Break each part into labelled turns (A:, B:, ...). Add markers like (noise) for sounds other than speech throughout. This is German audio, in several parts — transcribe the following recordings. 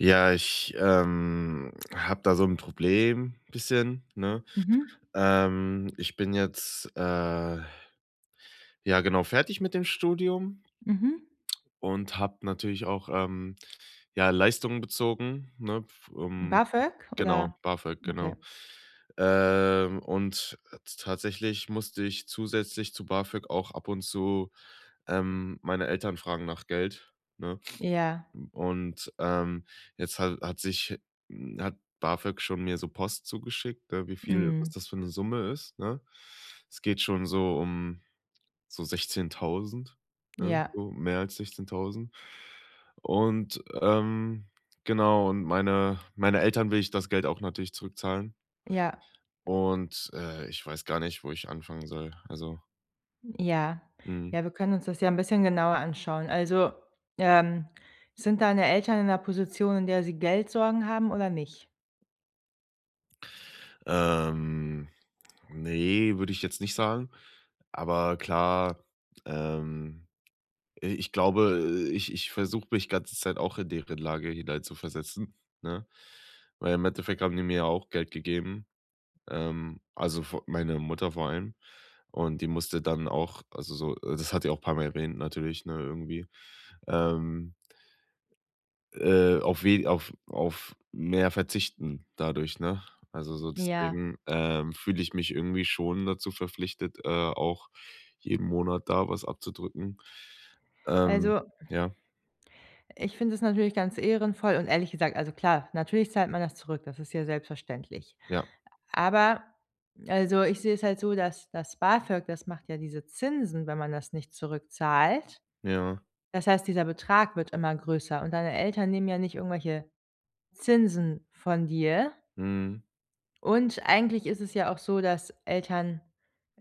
A: Ja, ich, ähm, habe da so 'n Problem, bisschen, ne?
B: Mhm.
A: Ähm, ich bin jetzt, äh, ja genau, fertig mit dem Studium
B: Mhm.
A: (smacks lips) und habe natürlich auch, ähm, ja, Leistungen bezogen, ne? F ähm,
B: BAföG?
A: genau,
B: Oder
A: BAföG,
B: Okay.
A: genau. Ähm, und, äh, t tatsächlich musste ich zusätzlich zu BAföG auch ab und zu, ähm, meine Eltern fragen nach Geld, ne?
B: Ja.
A: (sniffs) Und, ähm, jetzt ha hat sich hm, hat BAföG schon mir so Post zugeschickt, äh, wie viel was
B: Mhm.
A: das für 'ne Summe ist, ne? Es geht schon so um so 16.000, ne?
B: Ja.
A: Um mehr als 16.000. Und, ähm, genau, und meine meine Eltern will ich das Geld auch natürlich zurückzahlen.
B: Ja.
A: Und, äh, ich weiß gar nicht, wo ich anfangen soll. Also.
B: Ja.
A: Mhm.
B: Ja, wir können uns das ja 'n bisschen genauer anschauen. Also, ähm, sind deine Eltern in 'ner Position, in der sie Geldsorgen haben, oder nicht?
A: Ähm, ne, würde ich jetzt nicht sagen. Aber, klar, ähm, i ich glaube, äh, ich ich versuche mich ganze Zeit auch in deren Lage hineinzuversetzen, ne? Weil im Endeffekt haben die mir ja auch Geld gegeben. Ähm, also vo meine Mutter vor allem. Und die musste dann auch, also so äh, das hat die auch paar Mal erwähnt natürlich, ne, irgendwie, ähm äh, auf we auf auf mehr verzichten dadurch, ne? Also, so
B: Ja.
A: deswegen, ähm, fühle ich mich irgendwie schon dazu verpflichtet, äh, auch jeden Monat da was abzudrücken, ähm,
B: Also
A: Ja.
B: ich finde es natürlich ganz ehrenvoll und ehrlich gesagt, also klar, natürlich zahlt man das zurück, das ist ja selbstverständlich.
A: Ja.
B: Aber also, ich sehe es halt so, dass das BAföG, das macht ja diese Zinsen, wenn man das nicht zurückzahlt.
A: Ja.
B: Das heißt, dieser Betrag wird immer größer und deine Eltern nehmen ja nicht irgendwelche Zinsen von dir.
A: Mhm.
B: Und eigentlich ist es ja auch so, dass Eltern,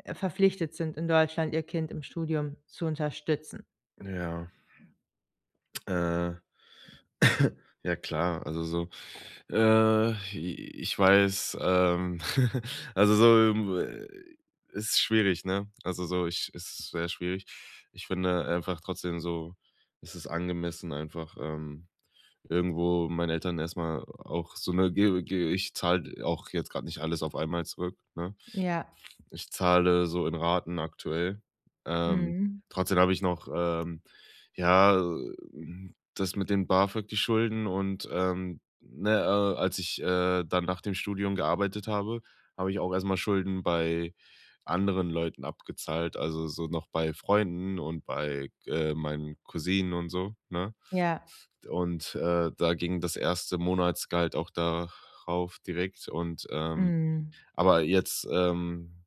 B: äh, verpflichtet sind, in Deutschland ihr Kind im Studium zu unterstützen.
A: Ja. (smacks lips) Äh (coughs) ja klar, also, so äh, i ich weiß, ähm (chuckles) also so, ähm ist schwierig, ne? Also so, ich es ist sehr schwierig. Ich finde einfach trotzdem so, es ist angemessen, einfach, ähm, irgendwo meinen Eltern erst mal auch so 'ne, ge ge ich zahle auch jetzt grad nicht alles auf einmal zurück, ne?
B: Ja.
A: Ich zahle so in Raten aktuell. Ähm,
B: Mhm.
A: trotzdem habe ich noch, ähm, ja, ähm, das mit den BAföG, die Schulden und ähm ne, äh, als ich, äh, dann nach dem Studium gearbeitet habe, habe ich auch erst mal Schulden bei anderen Leuten abgezahlt, also, so noch bei Freunden und bei g äh, meinen Cousinen und so, ne?
B: Ja.
A: Und, äh, da ging das erste Monatsgehalt auch da rauf direkt und, ähm
B: Mhm.
A: aber jetzt, ähm,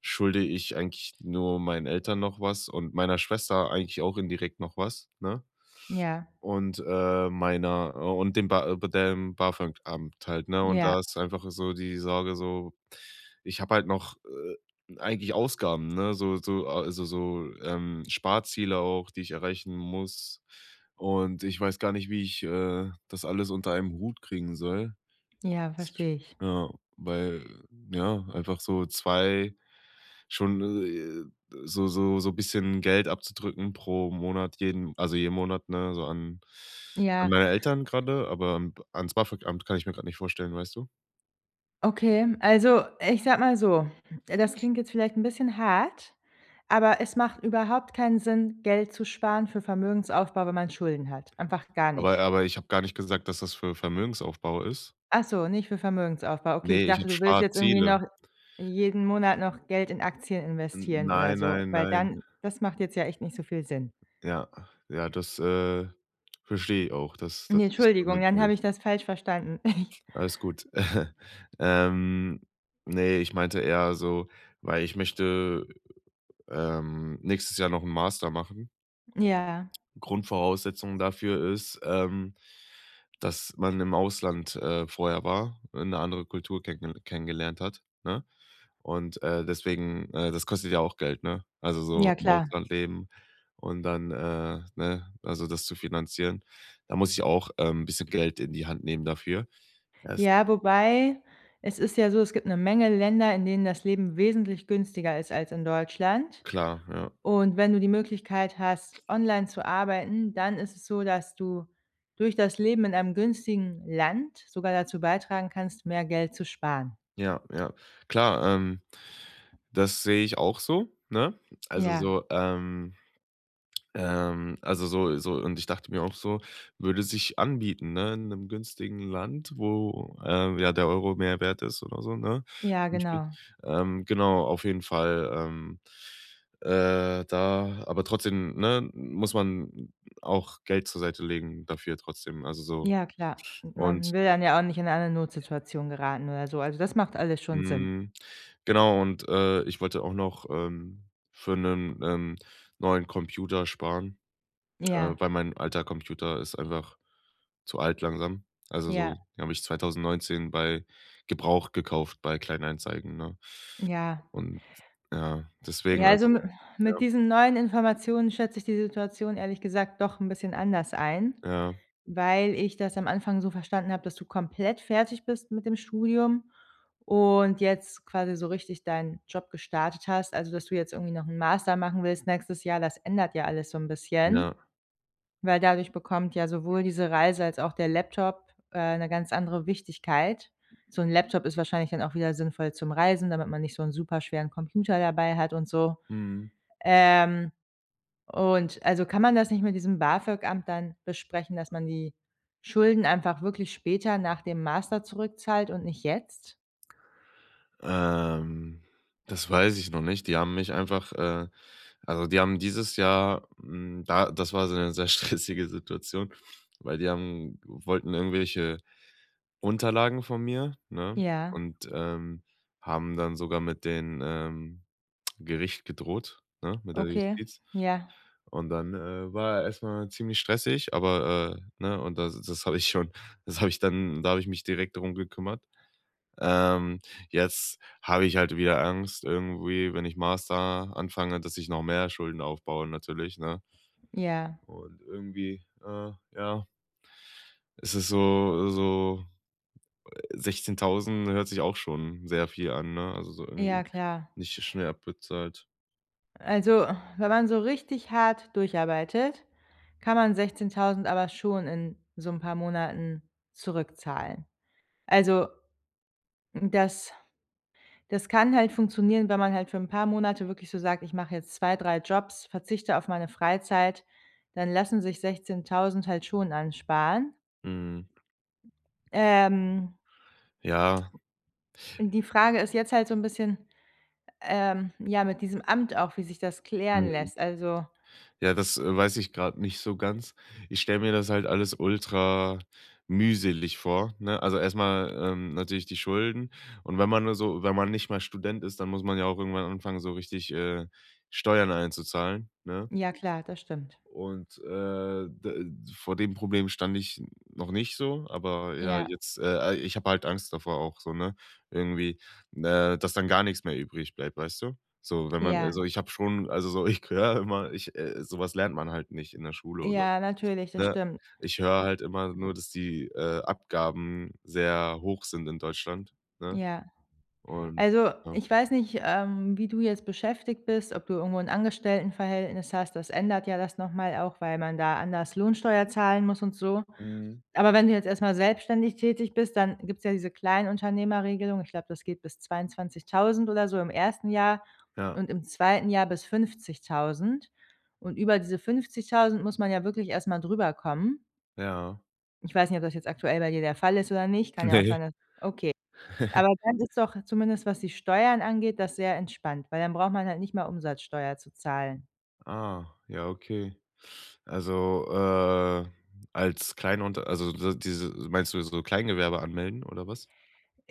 A: schulde ich eigentlich nur meinen Eltern noch was und meiner Schwester eigentlich auch indirekt noch was, ne?
B: Ja.
A: Und, äh, meiner, äh und dem ba de be dem BAföG-Amt halt, ne? Und
B: Ja.
A: da ist einfach so die Sorge so, ich habe halt noch, äh, eigentlich Ausgaben ne, so so a so so ähm, Sparziele auch, die ich erreichen muss. Und ich weiß gar nicht, wie ich, äh, das alles unter einem Hut kriegen soll.
B: Ja,
A: (unintelligible)
B: verstehe ich.
A: Ja, weil ja, einfach so 2 schon, äh, so so so bisschen Geld abzudrücken pro Monat jeden also jeden Monat, ne, so an an
B: Ja.
A: meine Eltern gerrade, aber, ähm, ans BAföG-Amt kann ich mir gerade nicht vorstellen, weißt du?
B: Okay, also, ich sage mal so, das klingt jetzt vielleicht 'n bisschen hart, aber es macht überhaupt keinen Sinn, Geld zu sparen für Vermögensaufbau, wenn man Schulden hat. Einfach gar
A: Aber
B: nicht.
A: aber ich habe gar nicht gesagt, dass das für Vermögensaufbau ist.
B: Ach so, nicht für Vermögensaufbau. Okay, ich
A: Ne, ich
B: dachte,
A: habe
B: du willst jetzt irgendwie
A: Sparziele.
B: noch jeden Monat noch Geld in Aktien
A: N
B: investieren oder
A: nein,
B: so,
A: nein,
B: weil
A: nein.
B: dann das macht jetzt ja echt nicht so viel Sinn.
A: Ja. Ja, das, äh, verstehe ich auch, dass dass,
B: Ne
A: nicht so
B: Entschuldigung, dann
A: sinnvoll
B: habe
A: ist.
B: ich das falsch verstanden. (chuckles)
A: Alles gut. (chuckles) Ähm, ne, ich meinte eher so weil ich möchte, ähm, nächstes Jahr noch 'n Master machen.
B: Ja.
A: (clicks tongue) Grundvoraussetzung dafür ist, ähm, dass man im Ausland, äh, vorher war, 'ne andere Kultur kennenge kenngelernt hat, ne? Und, äh, deswegen, äh, das kostet ja auch Geld, ne? Also, so
B: Ja,
A: im
B: klar.
A: Ausland leben und dann, äh, ne, also das zu finanzieren. Da muss ich auch, ähm, bisschen Geld in die Hand nehmen dafür. Es
B: Ja, wobei es ist ja so, es gibt 'ne Menge Länder, in denen das Leben wesentlich günstiger ist als in Deutschland.
A: Klar, ja.
B: Und wenn du die Möglichkeit hast, online zu arbeiten, dann ist es so, dass du durch das Leben in einem günstigen Land sogar dazu beitragen kannst, mehr Geld zu sparen.
A: Ja, ja. Klar, ähm, das sehe ich auch so, ne? Also,
B: Ja.
A: so, ähm ähm also, so so und ich dachte mir auch so, würde sich anbieten, ne, in 'nem günstigen Land, wo, ähm, ja, der Euro mehr wert ist oder so, ne,
B: Ja,
A: zum Beispiel.
B: genau.
A: Ähm, genau, auf jeden Fall, ähm. Äh, da aber trotzdem, ne, muss man auch Geld zur Seite legen dafür trotzdem, also, so.
B: Ja klar,
A: Und.
B: man will dann ja auch nicht in eine Notsituation geraten oder so. Also, das macht alles schon Sinn.
A: Mhm, genau und, äh, ich wollte auch noch, ähm, für 'nen, ähm, neuen Computer sparen, (clicks tongue) äh,
B: Ja.
A: weil mein alter Computer ist einfach zu alt langsam. Also, so
B: Ja.
A: den habe ich 2019 bei gebraucht gekauft bei Kleinanzeigen, ne?
B: Ja.
A: Und ja, deswegen
B: Ja, also mi
A: also
B: mit
A: ja.
B: diesen neuen Informationen schätze ich die Situation ehrlich gesagt doch 'n bisschen anders ein,
A: Ja.
B: weil ich das am Anfang so verstanden habe, dass du komplett fertig bist mit dem Studium und jetzt quasi so richtig deinen Job gestartet hast, also dass du jetzt irgendwie noch 'n Master machen willst nächstes Jahr, das ändert ja alles so 'n bisschen,
A: Ja.
B: weil dadurch bekommt ja sowohl diese Reise als auch der Laptop, äh, 'ne ganz andere Wichtigkeit. So 'n Laptop ist wahrscheinlich dann auch wieder sinnvoll zum Reisen, damit man nicht so 'n super schweren Computer dabei hat und so.
A: Mhm.
B: Ähm. Und also, kann man das nicht mit diesem BAFÖG-Amt dann besprechen, dass man die Schulden einfach wirklich später nach dem Master zurückzahlt und nicht jetzt?
A: Ähm, das weiß ich noch nicht. Die haben mich einfach, äh, also die haben dieses Jahr, hm da, das war so 'ne sehr stressige Situation, weil die haben wollten irgendwelche Unterlagen von mir, ne,
B: Ja.
A: und, ähm, haben dann sogar mit den, ähm, (smacks lips) Gericht gedroht, ne, mit der
B: Okay,
A: Justiz.
B: ja.
A: Und dann, äh, war er erst mal ziemlich stressig, aber, äh, ne, und das das habe ich schon das hab ich dann da habe ich mich direkt drum gekümmert. Ähm, jetzt hab ich halt wieder Angst, irgendwie, wenn ich Master anfange, dass ich noch mehr Schulden aufbaue, natürlich, ne?
B: Ja.
A: Und irgendwie, äh, ja ist es so so, äh, 16000, ne, hört sich auch schon sehr viel an, ne? Also so irgendwie
B: Ja klar.
A: nicht so schnell abbezahlt.
B: Also, wenn man so richtig hart durcharbeitet, kann man 16000 aber schon in so 'n paar Monaten zurückzahlen. Also m das, das kann halt funktionieren, wenn man halt für 'n paar Monate wirklich so sagt: „Ich mache jetzt 2, 3 Jobs, verzichte auf meine Freizeit," dann lassen sich 16000 halt schon ansparen.
A: Mhm.
B: Ähm
A: Ja.
B: (smacks lips) Die Frage ist jetzt halt so 'n bisschen, ähm, ja, mit diesem Amt auch, wie sich das klären
A: Mhm.
B: lässt? Also
A: Ja, das, äh, weiß ich gerade nicht so ganz. Ich stelle mir das halt alles ultra mühselig vor, ne? Also erst mal, ähm, natürlich die Schulden. Und wenn man nur so wenn man nicht mal Student ist, dann muss man ja auch irgendwann anfangen, so richtig, äh, Steuern einzuzahlen, ne?
B: Ja klar, das stimmt.
A: Und, äh, d vor dem Problem stand ich noch nicht so, aber ja,
B: Ja.
A: jetzt äh, al ich hab halt Angst davor auch so, ne, irgendwie, ne, dass dann gar nix mehr übrig bleibt, weißt du? So, wenn man
B: Ja.
A: also ich hab schon, also so, ich höre immer, ich, äh so was lernt man halt nicht in der Schule oder
B: Ja,
A: sowas,
B: natürlich, das
A: ne?
B: stimmt.
A: Ich höre halt immer nur, dass die, äh, Abgaben sehr hoch sind in Deutschland, ne?
B: Ja.
A: Und
B: Also
A: ja.
B: ich weiß nicht, ähm, wie du jetzt beschäftigt bist, ob du irgendwo 'n Angestelltenverhältnis hast, das ändert ja das noch mal auch, weil man da anders Lohnsteuer zahlen muss und so.
A: Mhm.
B: Aber wenn du jetzt erst mal selbstständig tätig bist, dann gibt es ja diese Kleinunternehmerregelung. Ich glaube, das geht bis 22000 oder so im ersten Jahr
A: Ja.
B: und im zweiten Jahr bis 50000. Und über diese 50000 muss man ja wirklich erst mal drüberkommen.
A: Ja.
B: Ich weiß nicht, ob das jetzt aktuell bei dir der Fall ist oder nicht, kann ja auch
A: Ne.
B: sein, dass okay.
A: (chuckles)
B: Aber dann ist doch, zumindest was die Steuern angeht, das sehr entspannt, weil dann braucht man halt nicht mal Umsatzsteuer zu zahlen.
A: Ah, ja, okay. Also, äh, als Kleinunter also so, diese meinst du jetzt so Kleingewerbe anmelden oder was?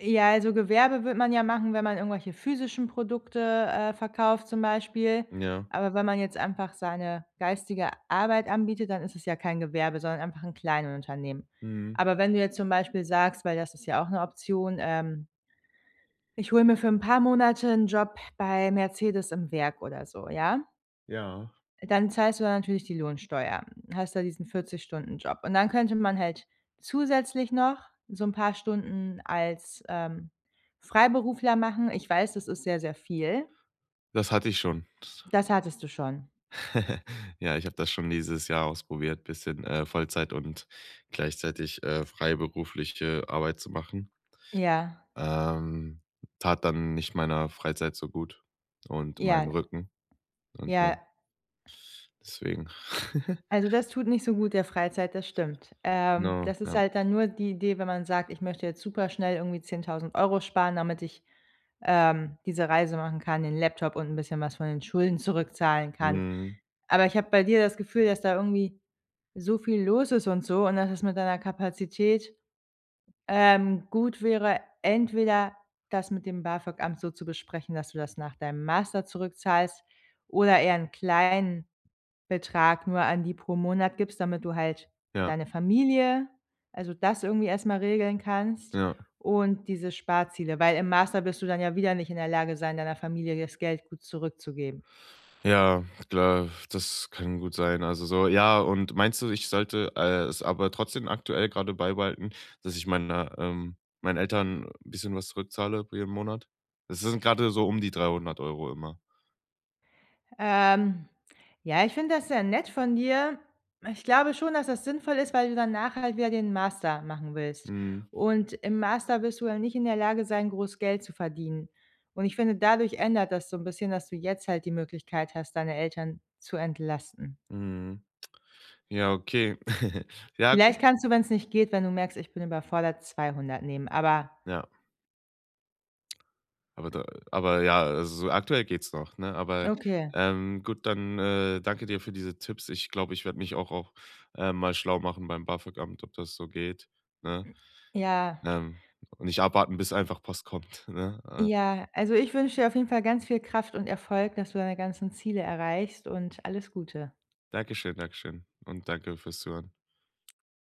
B: Ja, also Gewerbe würde man ja machen, wenn man irgendwelche physischen Produkte, äh, verkauft zum Beispiel,
A: Ja.
B: aber wenn man jetzt einfach seine geistige Arbeit anbietet, dann isses ja kein Gewerbe, sondern einfach 'n Kleinunternehmen.
A: Mhm.
B: Aber wenn du jetzt zum Beispiel sagst, weil das ist ja auch 'ne Option, ähm „Ich hol mir für 'n paar Monate 'n Job bei Mercedes im Werk." oder so, ja
A: Ja.
B: dann zahlst du da natürlich die Lohnsteuer, hast da diesen 40 Stunden-Job. Und dann könnte man halt zusätzlich noch so 'n paar Stunden als, ähm, Freiberufler machen. Ich weiß, das ist sehr, sehr viel.
A: Das hatte ich schon.
B: Das hattest du schon?
A: (chuckles) Ja, ich habe das schon dieses Jahr ausprobiert bisschen, äh, Vollzeit und gleichzeitig, äh, freiberufliche Arbeit zu machen.
B: Ja.
A: Ähm, tat dann nicht meiner Freizeit so gut, und meinem
B: Ja.
A: Rücken und ja
B: Ja.
A: deswegen (chuckles)
B: Also das tut nicht so gut der Freizeit, das stimmt. Ähm,
A: Genau,
B: das ist
A: ja.
B: halt dann nur die Idee, wenn man sagt: „Ich möchte jetzt superschnell irgendwie 10.000 € sparen, damit ich, ähm, diese Reise machen kann, den Laptop und 'n bisschen was von den Schulden zurückzahlen kann."
A: Mhm.
B: Aber ich habe bei dir das Gefühl, dass da irgendwie so viel los ist und so, und dass es mit deiner Kapazität, ähm, gut wäre, entweder das mit dem BAföG-Amt so zu besprechen, dass du das nach deinem Master zurückzahlst, oder eher 'n kleinen Betrag nur an die pro Monat gibst, damit du halt
A: Ja.
B: deine Familie also das irgendwie erst mal regeln kannst
A: Ja.
B: und diese Sparziele. Weil im Master wirst du dann ja wieder nicht in der Lage sein, deiner Familie das Geld gut zurückzugeben.
A: Ja, klar, das kann gut sein. Also so, ja und meinst du, ich sollte, äh, es aber trotzdem aktuell grade beibehalten, dass ich meine ähm, meinen Eltern 'n bisschen was zurückzahle jeden Monat? Das sind grade so die 300 € immer.
B: Ähm, ja, ich finde das sehr nett von dir. Ich glaube schon, dass das sinnvoll ist, weil du danach halt wieder den Master machen willst.
A: Mhm.
B: Und im Master wirst du ja nicht in der Lage sein, groß Geld zu verdienen. Und ich finde, dadurch ändert das so 'n bisschen, dass du jetzt halt die Möglichkeit hast, deine Eltern zu entlasten.
A: Mhm. Ja, okay. (chuckles) Ja,
B: Vielleicht
A: gut.
B: kannst du, wenn's nicht geht, wenn du merkst, ich bin überfordert, 200 nehmen. Aber
A: Ja. (smacks lips) Aber da äh, aber ja, also so aktuell geht's noch, ne? Aber,
B: Okay.
A: ähm, gut, dann, äh, danke dir für diese Tipps. Ich glaube, ich werde mich auch auch, äh, mal schlau machen beim BAföG-Amt, ob das so geht, ne?
B: Ja.
A: Ähm, und nicht abwarten, bis einfach Post kommt, ne? Äh
B: Ja, also ich wünsche dir auf jeden Fall ganz viel Kraft und Erfolg, dass du deine ganzen Ziele erreichst und alles Gute.
A: Danke schön, danke schön und danke fürs Zuhören.